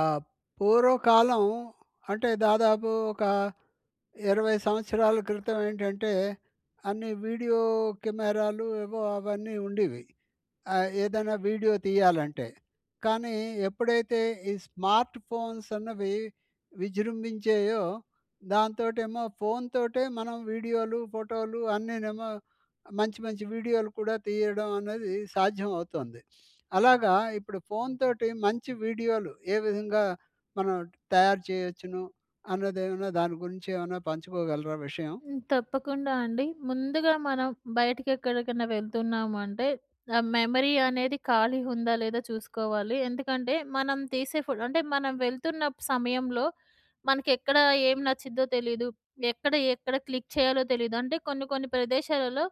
ఆహ్, పూర్వకాలం అంటే దాదాపు ఒక 20 సంవత్సరాల క్రితం ఏంటంటే, అన్ని వీడియో కెమెరాలు ఏవో అవన్నీ ఉండేవి. ఆహ్, ఏదైనా వీడియో తీయాలంటే. కానీ ఎప్పుడైతే ఈ స్మార్ట్‌‌ఫోన్స్ అన్నవి విజృంభించాయో దాంతోటేమో ఫోన్ తోటే మనం వీడియోలు, ఫోటోలు అన్నినేమో మంచి మంచి వీడియోలు కూడా తీయడం అనేది సాధ్యం అవుతుంది. అలాగా ఇప్పుడు ఫోన్ తోటి మంచి వీడియోలు ఏ విధంగా మనం తయారు చేయొచ్చును. అన్నదేమన్నా దాని గురించి ఏమన్నా పంచుకోగలరా విషయం? హ్మ్, తప్పకుండా అండి. ముందుగా మనం బయటకెక్కడికైనా వెళ్తున్నాము అంటే ఆహ్, మెమరీ అనేది ఖాళీ ఉందా లేదా చూసుకోవాలి. ఎందుకంటే మనం తీసే ఫో అంటే మనం వెళ్తున్న సమయంలో మనకి ఎక్కడ ఏం నచ్చిదో తెలీదు. ఎక్కడ ఎక్కడ క్లిక్ చేయాలో తెలీదు. అంటే కొన్ని కొన్ని ప్రదేశాలలో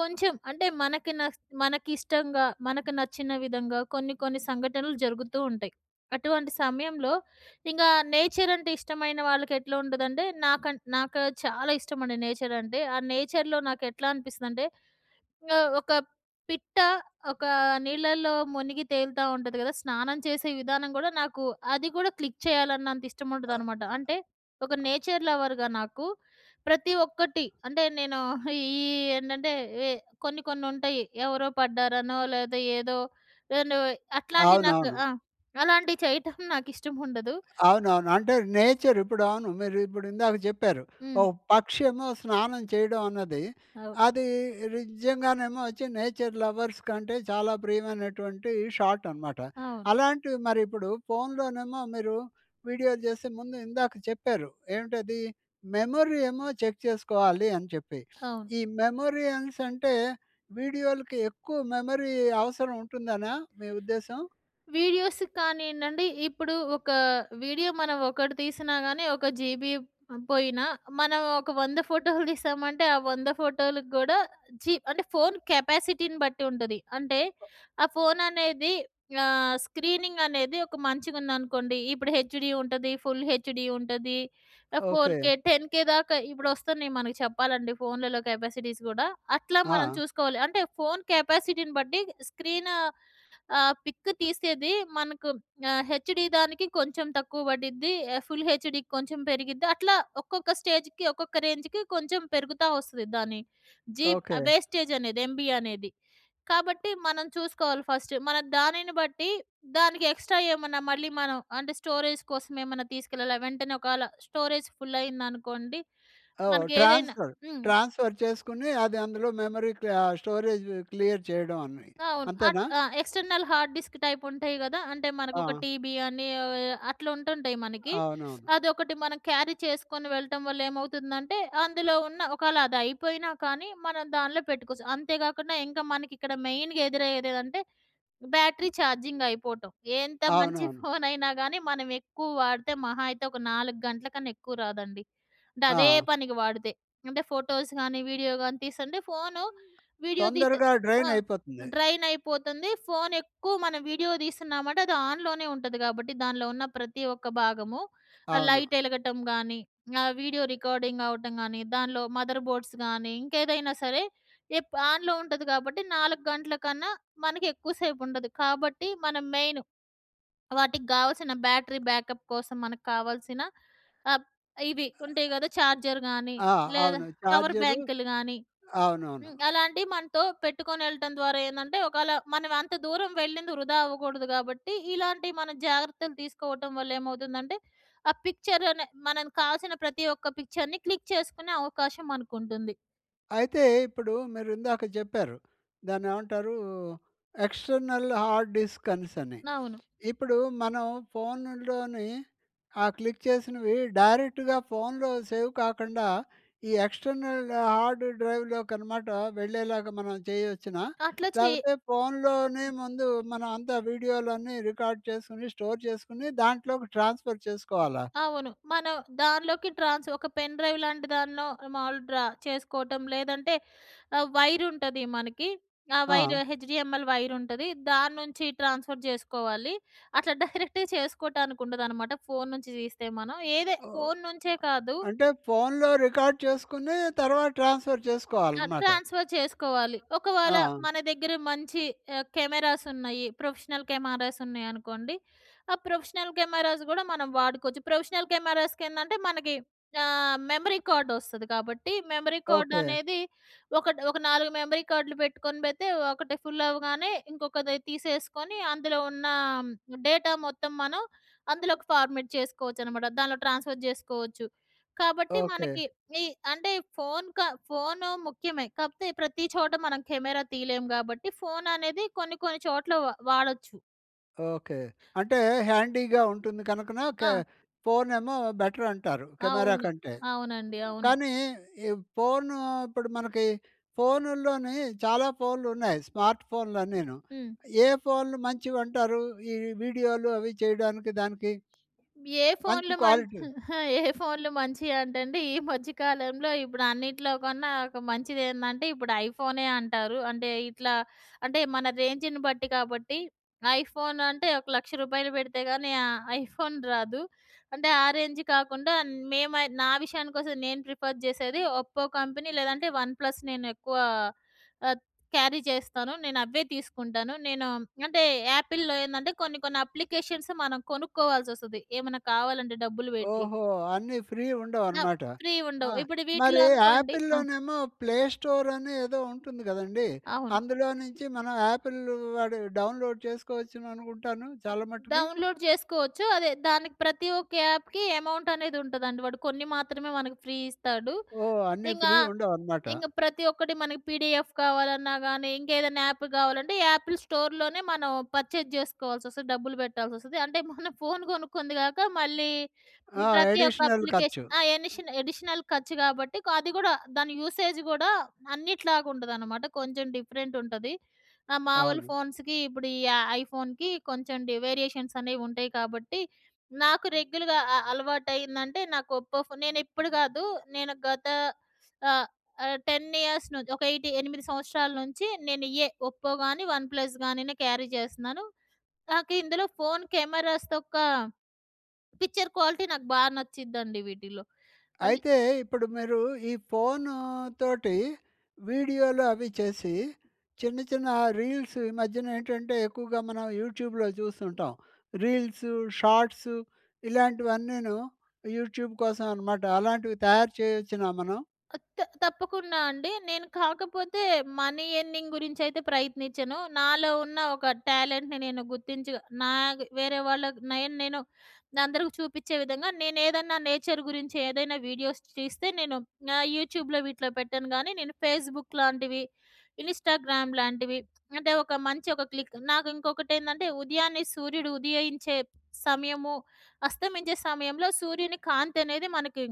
కొంచెం అంటే మనకి న మనకిష్టంగా మనకు నచ్చిన విధంగా కొన్ని కొన్ని సంఘటనలు జరుగుతూ ఉంటాయి. అటువంటి సమయంలో ఇంకా నేచర్ అంటే ఇష్టమైన వాళ్ళకెట్లా ఉంటదంటే నాకన్ నాకు చాలా ఇష్టమండి నేచర్ అంటే. ఆ నేచర్‍లో నాకు ఎట్లా అనిపిస్తదంటే. ఆహ్, ఒక పిట్ట ఒక నీళ్ళల్లో మునిగి తేలుతా ఉంటది కద. స్నానం చేసే విధానం కూడా నాకు అది కూడా క్లిక్ చేయాలన్నంత ఇష్టం ఆహ్ ఉంటదనమాట. అంటే ఒక నేచర్ లవర్‌గా నాకు ప్రతి ఒక్కటి అంటే నేను ఈ ఏంటంటే కొన్ని కొన్ని ఉంటాయి. ఎవరో పడ్డారనో లేపోతే ఏదో ఏను అట్లాంటి నాకు అవునవును. ఆ! అలాంటివి చేయటం నాకు ఇష్టం ఉండదు. అవునవును. అంటే నేచర్ ఇప్పుడవును మీరు ఇప్పుడు ఇందాక చెప్పారు. ఓ హ్మ్. పక్షి ఏమో స్నానం చేయడం అన్నది అవు అది నిజంగానేమో ఒచ్చి నేచర్ లవర్స్ కంటే చాలా ప్రియమైనటువంటి షాట్ అనమాట. అవును. అలాంటివి మరి ఇప్పుడు ఫోన్‌లోనేమో మీరు వీడియో చేస్తే ముందు ఇందాక చెప్పారు. ఏంటది మెమరీ ఏమో చెక్ చేసుకోవాలి అని చెప్పి. అవును. ఈ మెమోరి అనేసి అంటే వీడియోలకి ఎక్కువ మెమరీ అవసరం ఉంటుందనా? మీ ఉద్దేశం. వీడియోస్ కానియండి అంటే ఇప్పుడు ఒక వీడియో మనం ఒకటి తీసినా గాని ఒక జీబీ పోయినా. మనం ఒక 100 ఫోటోలు తీసామంటే, ఆ 100 ఫోటోలు కూడా జీ అంటే ఫోన్ కెపాసిటీని బట్టి ఉంటది. అంటే ఆ ఫోన్ అనేది ఆహ్, స్క్రీనింగ్ అనేది ఒక మంచిగుందనుకోండి. ఇప్పుడు హెచ్‍డీ ఉంటది ఫుల్‌హెచ్‍డీ ఉంటది ఓకె. ఫోర్‌‌కే, టెన్‌కే దాకా ఇప్పుడు వస్తున్నాయి మనకు చెప్పాలంటే ఫోన్లలో కెపాసిటీస్ కూడా అట్లా మనం ఆ! చూసుకోవాలి. అంటే ఫోన్ కెపాసిటీని బట్టి స్క్రీన్ ఆహ్, పిక్ తీసేది మనకు ఆహ్, హెచ్‍డీ దానికి కొంచెం తక్కువ పడిద్ది. ఎ ఫుల్‌హెచ్‍డికి కొంచెం పెరిగిద్ది. అట్లా ఒక్కొక్క స్టేజ్‌కి, ఒక్కొక్క రేంజ్‌కి కొంచెం పెరుగుతా వస్తది దాని జీప్ ఓకె. వేస్టేజ్ అనేది, ఎంబీ అనేది. కాబట్టి మనం చూసుకోవాలి ఫస్ట్. మన దానిని బట్టి దానికి ఎక్స్ట్రా ఏమన్నా మళ్ళీ మనం అంటే స్టోరేజ్ కోసం ఏమన్నా తీసుకెళ్ళాలి వెంటనే ఒకవేళ స్టోరేజ్ ఫుల్ అయిందనుకోండి. ఓహ్! మనకి ఏదైనా ట్రాన్స్‌ఫర్. హ్మ్. ట్రాన్స్‌ఫర్ చేసుకొని అది అందులో మెమరీకి ఆ స్టోరేజ్ క్లియర్ చేయడం అన్ని అవును అట్ అంతేనా? ఆ! ఎక్స్టర్నల్ హార్డ్‌డిస్క్ టైప్ ఉంటాయి గదా! అంటే మనకు ఒక ఆ! టీబీ అని ఏవోయో అట్లా ఉంటుంటాయి మనకి. అవునవును. అదొకటి మనం క్యారీ చేసుకొని వెళ్ళటం వల్ల ఏమవుతుందంటే అందులో ఉన్న ఒకాళ అది అయిపోయినా కానీ, మనం దాంట్లో పెట్టుకోవచ్చు. అంతేకాకుండా ఇంకా మనకి ఇక్కడ మెయిన్‍గ ఎదురయ్యేది ఏంటంటే బ్యాటరీ ఛార్జింగ్ అయిపోవటం. ఎంత మంచి అవునవును. ఫోన్ అయినా కానీ మనం ఎక్కువ వాడితే మహా అయితే ఒక 4 గంటల కన్నా ఎక్కువ రాదండి. అంటె అదే ఆ! పనికి వాడితే, అంటే ఫోటోస్ కాని వీడియో గాని తీసుకుంటే ఫోను వీడియో తీసి తొందరగా అ! డ్రైన్ అయిపోతుంది. డ్రైన్ అయిపోతుంది. ఫోన్ ఎక్కువ మనం వీడియో తీస్తున్నామంటే అది ఆన్‍లోనే ఉంటది కాబట్టి దానిలో ఉన్న ప్రతి ఒక్క భాగము అవును. లైట్ ఎలగటం గాని ఆహ్, వీడియో రికార్డింగ్ అవ్వటం గాని దానిలో మదర్‌బోర్డ్స్ గాని ఇంకేదైనా సరే ఎప్ ఆన్‍లో ఉంటది కాబట్టి 4 గంటల కన్నా మనకి ఎక్కువ సేపుండదు. కాబట్టి మనం మెయిన్ వాటికి కావాల్సిన బ్యాటరీ బ్యాకప్ కోసం మనకు కావాల్సిన, ఆహ్, ఇవి ఉంటాయి గద. ఛార్జర్ గానీ ఆ! లేదా అవును చార్జరు పవర్‌బ్యాంకులు గానీ. అవునవును. హ్మ్, అలాంటివి మనతో పెట్టుకొని వెళ్ళటం ద్వారా ఏందంటే ఒకాళ మనం అంత దూరం వెళ్ళింది వృధా అవ్వకూడదు కాబట్టి ఇలాంటివి మనం జాగ్రత్తలు తీసుకోవటం వల్ల ఏమవుతుందంటే, ఆ పిక్చర్ అనే మన కావాల్సిన ప్రతి ఒక్క పిక్చర్‍ని క్లిక్ చేసుకునే అవకాశం మనకుంటుంది. అయితే ఇప్పుడు మీరు ఇందాక చెప్పారు. దాన్నేమంటారు? ఎక్స్టర్నల్ హార్డ్ డిస్క్ అనేసని. అవును. ఇప్పుడు మనం ఫోనుల్లోని ఆ క్లిక్ చేసినవి డైరెక్ట్‌గా ఫోన్‌లో సేవ్ కాకుండ ఈ ఎక్స్టర్నల్ హార్డ్ డ్రైవ్‌లోకి అనమాట వెళ్ళేలాగా మనం చేయొచ్చునా? అట్ల చే లేకపోతే ఫోన్‌లోనే ముందు మనం అంతా వీడియోలన్నీ రికార్డ్ చేసుకొని స్టోర్ చేసుకొని దాంట్లోకి ట్రాన్స్ఫర్ చేసుకోవాలా? అవును. మనం దానిలోకి ట్రాన్స్ ఒక పెన్ డ్రైవ్ లాంటి దాన్నో మాములు డ్రా చేసుకోవటం లేదంటే ఆహ్, వైర్ ఉంటది మనకి. ఆ వైర్ ఆ! హెచ్‍డిఎంఎల్ వైర్ ఉంటాది. దాని నుంచి ట్రాన్స్ఫర్ చేసుకోవాలి. అట్లా డైరెక్ట్‌గా చేసుకోటానికి ఉండదనమాట. ఫోన్ నుంచి తీస్తే మనం. ఏదే ఓహ్! ఫోన్ నుంచే కాదు అంటే ఫోన్‌లో రికార్డ్ చేసుకుని తర్వాత ట్రాన్స్ఫర్ ఆహ్, చేసుకోవాలనమాట. ట్రాన్స్ఫర్ చేసుకోవాలి. ఒకవేళ ఆ! మన దగ్గర మంచి ఆహ్, కెమెరాస్ ఉన్నాయి. ప్రొఫెషనల్ కెమెరాస్ ఉన్నాయనుకోండి. ఆ ప్రొఫెషనల్ కెమెరాస్ గూడా మనం వాడుకోవచ్చు. ప్రొఫెషనల్ కెమెరాస్‌కి ఏందంటే మనకి ఆహ్, మెమరీ కార్డ్ వస్తది. కాబట్టి మెమరీ కార్డ్ ఓకే. అనేది ఒకటి ఒక 4 మెమరీ కార్డ్‌లు పెట్టుకొని పెడితే ఒకటి ఫుల్ అవ్వగానే ఇంకొకది తీసేసుకుని అందులో ఉన్న డేటా మొత్తం మనం అందులోకి ఫార్మాట్ చేసుకోవచ్చనమాట. దాంట్లో ట్రాన్స్ఫర్ జేసుకోవచ్చు. కాబట్టి ఓకే. మనకి ఈ అంటే ఫోన్ క ఫోను ముఖ్యమే. కాకపోతే ప్రతి చోట మనం కెమెరా తీయలేము. గాబట్టి ఫోన్ అనేది కొన్ని కొన్ని చోట్ల వా వాడొచ్చు. ఓకే. అంటే హ్యాండీగా ఉంటుంది. కనుకన క ఆ! ఫోన్ ఏమో బెటర్ అంటారు, కెమెరా అవును. కంటే. అవునండి. అవును. కానీ ఈ ఫోన్ ఇప్పుడు మనకి ఫోన్‌‌ల్లోనూ చాలా ఫోన్‌లు ఉన్నాయి. స్మార్ట్ ఫోన్‌లు అన్నీను. హ్మ్. ఏ ఫోన్‌లు మంచివంటారు? ఈ వీడియోలు అవి చేయడానికి దానికి? ఏ మంచి ఫోన్‌లు మ క్వాలిటీ. ఏ ఫోన్‌లు మంచివి అంటే అండి. ఈ మధ్య కాలంలో ఇప్పుడు అన్నిట్లో కన్నా ఒక మంచిది ఏందంటే, ఇప్పుడు ఐఫోనే అంటారు. అంటే ఇట్లా అంటే మన రేంజ్‌ని బట్టి కాబట్టి. ఐఫోన్ అంటే ఒక రూ. 1,00,000 పెడితే కాని ఆ ఐఫోన్ రాదు. అంటే ఆ రేంజ్ కాకుండా, మేము అయి నా విషయానికి వస్తే నేను ప్రిఫర్ చేసేది. ఒప్పో కంపెనీ లేదంటే వన్ ప్లస్ నేను ఎక్కువ ఆహ్, క్యారీ చేస్తాను. నేను అవే తీసుకుంటాను. నేను అంటే యాపిల్‌లో ఏందంటే, కొన్ని కొన్ని అప్లికేషన్స్ మనం కొనుక్కోవాల్సి వస్తది. ఏమన్నా కావాలంటే డబ్బులు పెట్టి. ఓహో! అన్ని ఫ్రీ ఆ! ఉండవనమాట. ఫ్రీ ఉండవు. ఆహ్, ఇప్పుడు వీటిలో మరి అనుకోండి ఆపిల్‌లో ఆ! నేమో ప్లే స్టోర్ అని ఏదో ఉంటుంది కదండీ. అవును. అందులో నుంచి మనం ఆపిల్ వాడు డౌన్లోడ్ చేసుకోవచ్చుననుకుంటాను ఆ! చాలా మట్టుకి. డౌన్లోడ్ చేసుకోవచ్చు. అదే దానికి ప్రతి ఒక్క యాప్‍కి అమౌంట్ అనేది ఉంటదండి. వాడు కొన్ని మాత్రమే మనకు ఫ్రీ ఇస్తాడు. ఓహ్! అన్ని ఇంగా, ఫ్రీ ఉండవనమాట. ఇంగ ప్రతి ఒక్కటి మన పిడిఎఫ్ కావాలన్నా గానీ, ఇంకా ఏదైనా యాప్ కావాలంటే, యాపిల్ స్టోర్‍లోనే మనం పర్చేజ్ చేసుకోవాల్సి వస్తది. డబ్బులు పెట్టాల్సి వస్తది. అంటే మనం ఫోన్ కొనుక్కుంది కాక, మళ్ళీ ఆ! ప్రతి ఒక్క అడిషనల్ అప్లికేషన్ ఖర్చు. ఆ! ఎనిషన్ అడిషనల్ ఖర్చు కాబట్టి. అది కూడా దాని యూసేజ్ గూడా అన్నిటిలాగా ఉండదనమాట. కొంచెం డిఫరెంట్ ఉంటది. ఆహ్, మామూలు అవును. ఫోన్స్‌కి ఇప్పుడు ఈ య ఐఫోన్‌కి కొంచెం డి వేరియేషన్స్ అనేవి ఉంటాయి కాబట్టి, నాకు రెగ్యుల్‌గా అ అలవాటయిందంటే, నాకు ఒప్పో ఫోన్. నేను ఇప్పుడు కాదు. నేను గత ఆహ్, ఆహ్, 10 ఇయర్స్ నుంచి ఒక ఎయిట్ 8 సంవత్సరాల నుంచి నేను ఇయ్యే. ఒప్పో కాని, వన్ ప్లస్‌ గాని క్యారీ చేస్తున్నాను. నాకు ఇందులో ఫోన్ కెమెరాస్ తొక్కా, పిక్చర్ క్వాలిటీ నాకు బాగా నచ్చిద్దండి వీటిల్లో. అంటే అయితే ఇప్పుడు మీరు ఈ ఫోన్‌‌తోటి వీడియోలు అవి చేసి చిన్న చిన్న రీల్స్. ఈ మధ్యన నేంటంటే ఎక్కువగా మనం యూట్యూబ్‍లో చూస్తుంటాం. రీల్సు, షార్ట్సు ఇలాంటివన్నీను యూట్యూబ్ కోసం అనమాట. అలాంటివి తయారు చేయొచ్చునా మనం? ఆ! త్ తప్పకుండా అండి. నేను కాకపోతే మనీ ఎర్నింగ్ గురించి అయితే ప్రయత్నించను. నాలో ఉన్న ఒక టాలెంట్‌ని నేను గుర్తించి. నా వేరే వాళ్ళకి నేను నేను అందరికి చూపించే విధంగా నేను ఏదన్నా నేచర్ గురించి ఏదైనా వీడియోస్ తీస్తే, నేను ఆహ్, యూట్యూబ్‍లో వీటిలో పెట్టాను గానీ, నేను ఫేస్‌బుక్ లాంటివి. ఇన్స్టాగ్రామ్ లాంటివి. అంటే ఒక మంచి ఒక క్లిక్ నాకు ఇంకొకటి ఏందంటే, ఉదయాన్నే సూర్యుడు ఉదయించే సమయము. అస్తమించే సమయంలో సూర్యుని కాంతి అనేది మనకి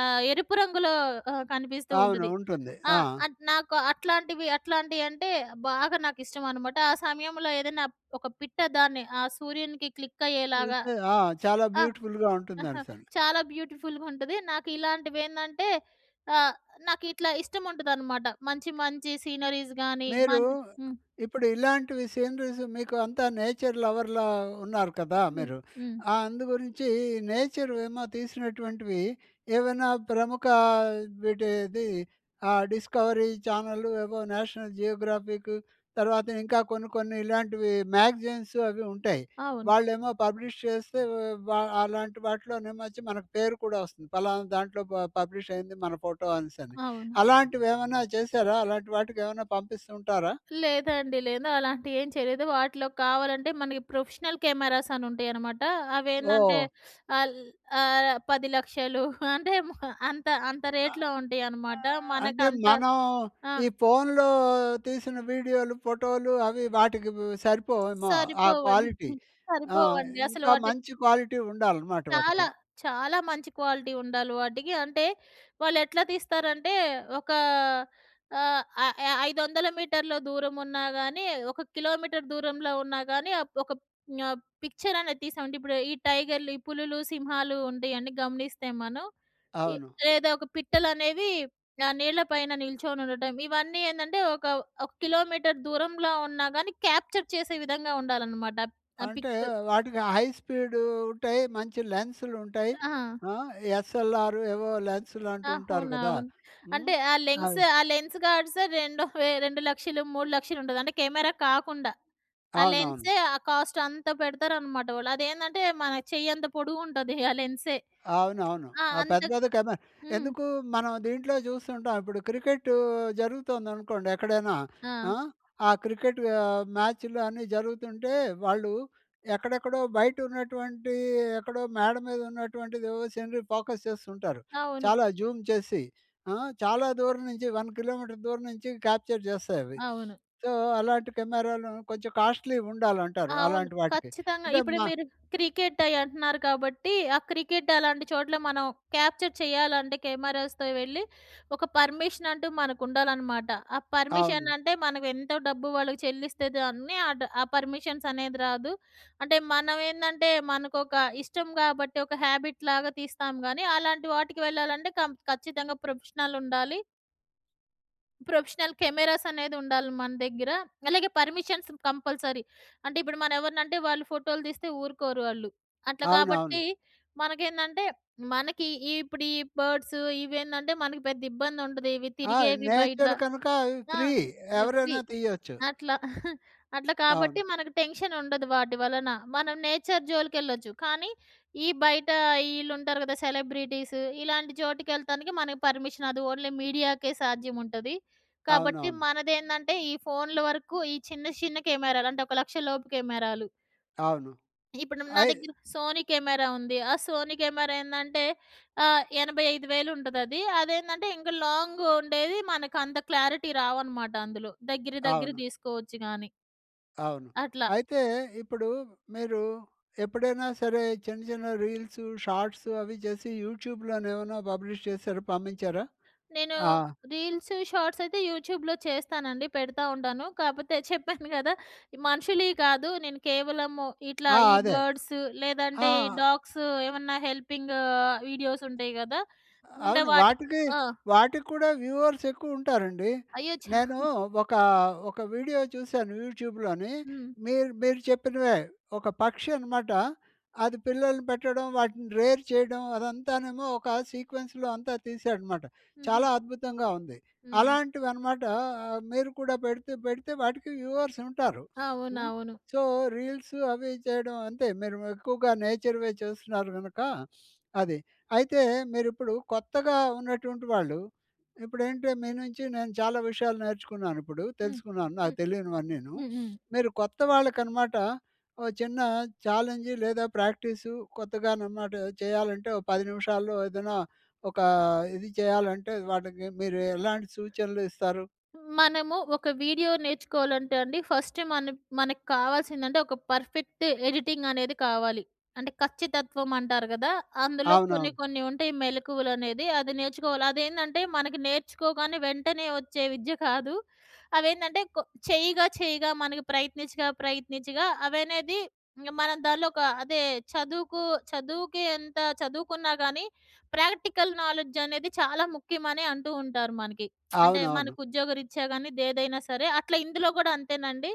ఆహ్, ఎరుపు రంగులో ఆ! కనిపిస్తూ అవును. ఉంటది. ఉంటుంది. ఆ! ఆ! అట్ నాకు అట్లాంటివి అట్లాంటివి అంటే బాగా నాకిష్టం అనమాట. ఆ సమయంలో ఏదైనా ఒక పిట్ట దాన్ని, ఆ సూర్యునికి క్లిక్ అయ్యేలాగా. చూస్తే ఆ! చాలా ఆ! బ్యూటిఫుల్‌గా ఉంటుందనేసని. చాలా బ్యూటిఫుల్‍గా ఉంటది. నాకు ఇలాంటివి ఏందంటే ఆహ్, నాకు ఇట్లా ఇష్టం ఉంటదనమాట. మంచి మంచి సీనరీస్ గాని మ మీరు హ్మ్. ఇప్పుడు ఇలాంటివి సీనరీస్ మీకు అంతా నేచర్ లవర్‌లా ఉన్నారు కదా హ్మ్. మీరు. హ్మ్. ఆ! అందుగురించి నేచర్ ఏమో తీసినటువంటివి ఏవైనా ప్రముఖ వీటిది. ఆ! డిస్కవరీ చానెల్ ఏవో నేషనల్ జియోగ్రాఫిక్ తర్వాత ఇంకా కొన్ని కొన్ని ఇలాంటివి మ్యాగజైన్సు అవి ఉంటాయి. అవును. వాళ్ళు ఏమో పబ్లిష్ చేస్తే, వా అలాంటి వాటిలోనేమో వచ్చి మనకు పేరు కూడా వస్తుంది. ఫలానా దాంట్లో ప పబ్లిష్ అయింది మన ఫోటో అనేసని. అవును. అలాంటివి ఏమన్నా చేసారా? అలాంటి వాటికి ఏమన్నా పంపిస్తూ ఉంటారా? లేదండి. లేదు. అలాంటివి ఏం చేయలేదు. వాటిలో కావాలంటే మనకి ప్రొఫెషనల్ కెమెరాస్ అని ఉంటాయనమాట. అవేందంటే ఓహ్! ఆల్ ఆహ్, 10,00,000 అంటే అంత అంత ఆ! రేట్‌లో ఉంటాయనమాట. ఆహ్, అంటే మనకంత మనం ఆ! ఈ ఫోన్‌లో తీసిన వీడియోలు, ఫోటోలు, అవి వాటికి సరిపోవుమో ఆ సరిపోవండి. క్వాలిటీ. ఆ! సరిపోవండి. అసలు ఇంకా వాటి మంచి క్వాలిటీ ఉండాలనమాట చాలా. వాటికి. చాలా మంచి క్వాలిటీ ఉండాలి వాటికి. అంటే వాళ్ళు ఎట్లా తీస్తారంటే, ఒకా ఆహ్, ఆహ్, య 500 మీటర్ల దూరం ఉన్నా గానీ, ఒక కిలోమీటర్ దూరంలో ఉన్నా గానీ, ఒక ప్ పిక్చర్ అనేది తిస్తామండి. ఇప్పుడు ఈ టైగర్‌లు, ఈ పులులు సింహాలు ఉండేవన్నీ గమనిస్తే మనం. ఇ అవును. లేదా ఒక పిట్టలు అనేవి ఆహ్, నీళ్ల పైన నిల్చొని ఉండటం. ఇవన్నీ ఏందంటే ఒక ఒక కిలోమీటర్ దూరంలో ఉన్నా గానీ క్యాప్చర్ చేసే విధంగా ఉండాలనమాట. అప్ ఆ అంటే పిక్స్. వాటికి హైస్పీడ్ ఉంటాయి. మంచి లెన్స్‌లు ఉంటాయి. ఆ! ఆ! ఎస్ఎల్ఆర్ ఏవో లెన్స్‌‌లంటూ ఉంటారు కదా. అవునవును. హ్మ్. అంటే ఆ లెన్స్. అది ఆ లెన్స్ గార్డ్స్ 2 వే 2,00,000 3,00,000 ఉంటది. అంటే కెమెరా కాకుండా. ఆ అవునవును. లెన్సే ఆ కాస్ట్ అంత పెడతారు అనమాట వాళ్ళు. అదేందంటే మన చెయ్యి అంత పొడుగు ఉంటది ఆ లెన్సే. అవునవును. ఆ! ఆ అంత పెద్దది కెమ హ్మ్. ఎందుకు మనం దీంట్లో చూస్తుంటాం. ఇప్పుడు క్రికెట్ జరుగుతుందనుకోండి. ఎక్కడైనా ఆ! ఆ! ఆ క్రికెట్ ఆహ్, మ్యాచ్‍లు అన్నీ జరుగుతుంటే, వాళ్ళు ఎక్కడెక్కడో బయట ఉన్నటువంటి ఎక్కడో మేడ మీద ఉన్నటువంటిది ఓ సీనరీ ఫోకస్ చేస్తుంటారు. అవును. చాలా జూమ్ చేసి. ఆ! చాలా దూరం నుంచి 1 కి.మీ. దూరం నుంచి క్యాప్చర్ చేస్తాయి అవి. అవును. సో, అలాంటి కెమెరాలు కొంచెం కాస్ట్‌లీ ఉండాలంటారు. అవును. అలాంటి వాటికి. ఖచ్చితంగా అంటే ఇప్పుడు మ మీరు క్రికెట్ అయ్యి అంటున్నారు. కాబట్టి ఆ క్రికెట్ అలాంటి చోట్ల మనం క్యాప్చర్ చేయాలంటే కెమెరాస్‌తో వెళ్ళి, ఒక పర్మిషన్ అంటూ మనకు ఉండాలనమాట. ఆ పర్మిషన్ అవును. అంటే మనకు ఎంతో డబ్బు వాళ్ళకి చెల్లిస్తే దాన్ని, ఆ డ్ పర్మిషన్స్ అనేది రాదు. అంటే మనం ఏందంటే మనకొక ఇష్టం కాబట్టి ఒక హ్యాబిట్‌ లాగా తీస్తాం గానీ, అలాంటి వాటికి వెళ్ళాలంటే కం ఖచ్చితంగా ప్రొఫెషనల్ ఉండాలి. ప్రొఫెషనల్ కెమెరాస్ అనేది ఉండాలి మన దగ్గర. అలాగే పర్మిషన్స్ కంపల్సరీ. అంటే ఇప్పుడు మనం ఎవరినంటే వాళ్ళు ఫోటోలు తీస్తే ఊరుకోరు వాళ్ళు. అట్ల అవునవును. కాబట్టి మనకేందంటే, మనకి ఇప్పుడు ఈ బర్డ్స్ ఇవేందంటే మనకు పెద్ద ఇబ్బంది ఉండదు. ఇవి ఆ! తిరిగేవి బయట. నేచర్ కనుక అవి ఆ! Free FB. ఎవరైనా తీయచ్చు. అట్లా అట్లా కాబట్టి అవును. మనకు టెన్షన్ ఉండదు వాటి వలన. మనం నేచర్ జోలికెళ్ళొచ్చు. కానీ, ఈ బయట ఈళ్ళు ఉంటారు కదా సెలబ్రిటీస్. ఇలాంటి చోటుకి యేళ్తానికి మనకి పర్మిషన్ అది ఓన్లీ మీడియాకే సాధ్యం ఉంటది. కాబట్టి అవునవును. మనదేందంటే ఈ ఫోన్‍ల వరకు ఈ చిన్న చిన్న కెమెరాలు అంటే ఒక 1,00,000 లోపు కెమెరాలు. అవును. ఇప్పుడు నా అయ్ దగ్గర సోనీ కెమెరా ఉంది. ఆ సోనీ కెమెరా ఏందంటే ఆహ్, 85,000 ఉంటదది. అదేందంటే ఇంక లాంగ్ ఉండేది. మనకు అంత క్లారిటీ రావనమాట అందులో. దగ్గర దగ్గర అవును. తీసుకోవచ్చు కాని. అవును. అట్లా! అయితే ఇప్పుడు మీరు ఎప్పుడైనా సరే, చిన్న చిన్న రీల్సు, షార్ట్సు అవి చేసి. యూట్యూబ్‌లో ఏమైనా పబ్లిష్ చేసారా పంపించారా? నేను ఆ! రీల్స్, షార్ట్స్ అయితే యూట్యూబ్‌లో చేస్తానండి. పెడతా ఉంటాను. కాపోతే చెప్పాను కదా ఈ మనుషులివి కాదు. నేను కేవలము ఇట్లా ఆ! ఈ అదే. బర్డ్స్ ఆ! లేదంటే ఈ డాగ్స్ ఏమన్నా హెల్పింగ్ ఆహ్, వీడియోస్ ఉంటాయి కదా! అంటే అవును వాటికి వాటికి, ఆ! వాటికి కూడా వ్యూవర్స్ ఎక్కువ ఉంటారండి. అయ్యో! ఛ! నేను ఒకా ఒక వీడియో చూసాను యూట్యూబ్‍లోని. హ్మ్. మీరు, మీరు చెప్పినవే ఒక పక్షి అనమాట. అది పిల్లల్ని పెట్టడం. వాటిని రేర్ చేయడం అదంతానేమో ఒక సీక్వెన్స్‌లో అంతా తీసాడనమాట. హుహు. చాలా అద్భుతంగా ఉంది! హుహు. అలాంటివన్నమాట ఆహ్, మీరు కూడా పెడితే పెడితే వాటికి వ్యూవర్స్ ఉంటారు. హ్మ్. అవునవును. సో, రీల్స్ అవి చేయడం అంతే. మీరు ఎక్కువగా నేచర్‌వే చేస్తున్నారు గనక. అది. అయితే మీరు ఇప్పుడు కొత్తగా ఉన్నటువంటి వాళ్ళు, ఇప్పుడు ఏంటి మీ నుంచి నేను చాలా విషయాలు నేర్చుకున్నాను, ఇప్పుడు హ్మ్. తెలుసుకున్నాను. నాకు హ్మ్. తెలియనివన్నీను. హ్మ్. హ్మ్. మీరు కొత్త వాళ్ళకి అనమాట. ఓ చిన్న ఛాలెంజు లేదా ప్రాక్టీసు కొత్తగా అనమాట చేయాలంటే, ఒక 10 నిమిషాల్లో ఏదన్నా, ఒకా ఇది చేయాలంటే, వాటికి మీరు ఎలాంటి సూచనలు ఇస్తారు? మనము ఒక వీడియో నేర్చుకోవాలంటే అండి. ఫస్ట్ మన మనకు కావాల్సిందంటే, ఒక పర్ఫెక్ట్ ఎడిటింగ్ అనేది కావాలి. అంటే ఖచ్చితత్వం అంటారు కదా! అందులో కొన్ని అవునవును. కొన్ని ఉంటాయి మెళకువలనేది అది నేర్చుకోవాలి. అది ఏందంటే మనకి నేర్చుకోగానే వెంటనే వచ్చే విద్య కాదు. అవేంటంటే కొ చెయ్యగా చెయ్యగా మనకి ప్రయత్నించగా ప్రయత్నించగా అవనేది, ఇంక మనం దాంట్లో ఒక అదే చదువుకు చదువుకి ఎంత చదువుకున్నా కానీ ప్రాక్టికల్ నాలెడ్జ్ అనేది చాలా ముఖ్యమని అంటూ ఉంటారు మనకి. అంటే అవునవును. మనకు ఉద్యోగరీత్యా కాని, ఏదైనా సరే. అట్లా ఇందులో కూడా అంతేనండి.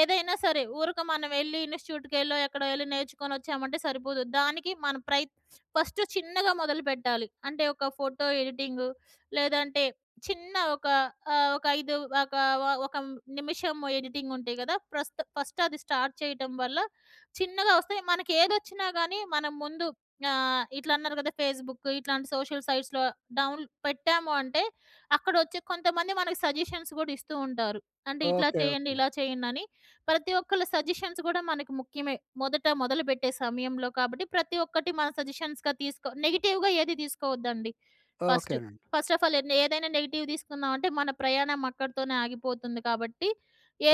ఏదైనా సరే ఊరక మనం యేళ్ళి ఇన్సిట్యూట్‍కెళ్ళో ఎక్కడో యేళ్ళి నేర్చుకొని వచ్చామంటే సరిపోదు. దానికి మనం ప్రయత్ ఫస్ట్ చిన్నగా మొదలుపెట్టాలి. అంటే ఒక ఫోటో ఎడిటింగు. లేదంటే చిన్న ఒక ఆహ్, ఒక 5 ఒక ఒక నిమిషం ఎడిటింగ్ ఉంటయి కదా. ప్రస్త్ ఫస్ట్ అది స్టార్ట్ చేయటం వల్ల చిన్నగా వస్తాయి. మనకు ఏదొచ్చినా కానీ మనం ముందు ఆహ్, ఇట్ల అన్నారు కదా ఫేస్‌బుకు ఇట్లాంటి సోషల్ సైట్స్‌లో డౌన్ల్ పెట్టాము అంటే, అక్కడ వచ్చే కొంతమంది మనకు సజెషన్స్ కూడా ఇస్తూ ఉంటారు. అంటే ఇట్లా ఓకే. చేయండి. ఓకే. ఇలా చేయండి అని. ప్రతి ఒక్కళ్ళ సజెషన్స్ కూడా మనకు ముఖ్యమే. మొదట మొదలుపెట్టే సమయంలో కాబట్టి ప్రతి ఒక్కటి మనం సజెషన్స్‌గా తీసుకో, నెగెటివ్‌గా ఏది తీసుకోవద్దండి. ఫస్ట్, ఓకేనండి. ఫస్ట్ ఆఫ్ ఆల్ ఏదైనా నెగెటివ్ తీసుకున్నామంటే మన ప్రయాణం అక్కడితోనే ఆగిపోతుంది. కాబట్టి,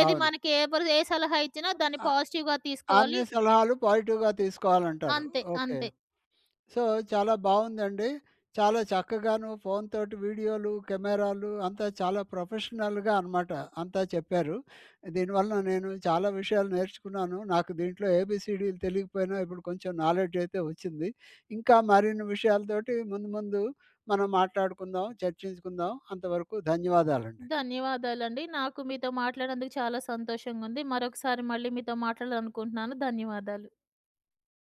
ఏది అవును. మనకి ఎవరు ఏ సలహా ఇచ్చినా దాన్ని ఆ! పాజిటివ్‍గా తీసుకోవాలి. అన్ని సలహాలు పాజిటివ్‌గా తీసుకోవాలంటారు. అంతే. ఓకే. అంతే. సో, చాలా బావుందండి. చాలా చక్కగాను ఫోన్‌తోటి వీడియోలు, కెమెరాలు అంతా చాలా ప్రొఫెషనల్‌గా అనమాట అంతా చెప్పారు. దీనివల్ల నేను చాలా విషయాలు నేర్చుకున్నాను. నాకు దీంట్లో ఏబీసీడీలు తెలియకపోయినా, ఇప్పుడు కొంచెం నాలెడ్జ్ అయితే వచ్చింది. ఇంకా మరిన్ని విషయాలతోటి ముందు ముందు మనం మాట్లాడుకుందాం. చర్చించుకుందాం. అంతవరకు ధన్యవాదాలండి. ధన్యవాదాలండి. నాకు మీతో మాట్లాడినందుకు చాలా సంతోషంగా ఉంది. మరొకసారి మళ్ళీ మీతో మాట్లాడాలనుకుంటున్నాను. ధన్యవాదాలు.